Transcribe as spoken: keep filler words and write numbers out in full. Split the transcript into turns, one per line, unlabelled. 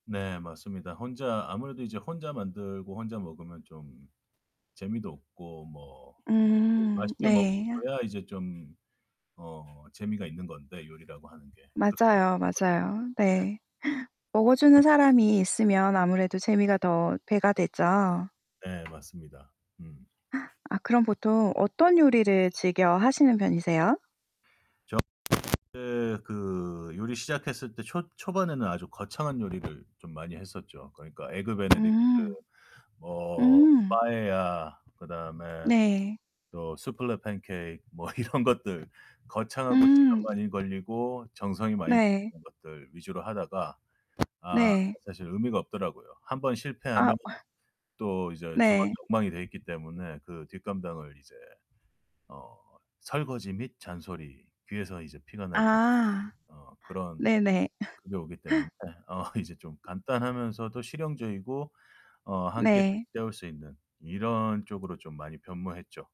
네, 맞습니다. 혼자 아무래도 이제 혼자 만들고 혼자 먹으면 좀 재미도 없고 뭐 네
음
맛있게
네.
먹어야 이제 좀 어 재미가 있는 건데, 요리라고 하는 게
맞아요, 맞아요.
[unintelligible] 예.
네. 먹어주는 사람이 있으면 아무래도 재미가 더 배가 되죠.
네, 맞습니다. 음.
아, 그럼 보통 어떤 요리를 즐겨 하시는 편이세요?
저는 그때 그 요리 시작했을 때, 초 초반에는 아주 거창한 요리를 좀 많이 했었죠. 그러니까 에그 베네딕트
음.
뭐
음.
빠에야, 그다음에
네.
또 수플레 팬케이크, 뭐 이런 것들. 거창하고 시간
음.
많이 걸리고, 정성이 많이
네.
드는 것들 위주로 하다가 아,
네.
사실 의미가 없더라고요. 한 번
아.
실패하면 또 이제 주방이
네.
엉망이 돼 있기 때문에 그 뒷감당을 이제 어 설거지 및 잔소리. 귀에서 이제 피가 날 정도로
아.
어, 그런
네네.
그게 오기 때문에 어 이제 좀 간단하면서도 실용적이고 어, 한 끼를
네.
때울 수 있는 이런 쪽으로 좀 많이 변모했죠.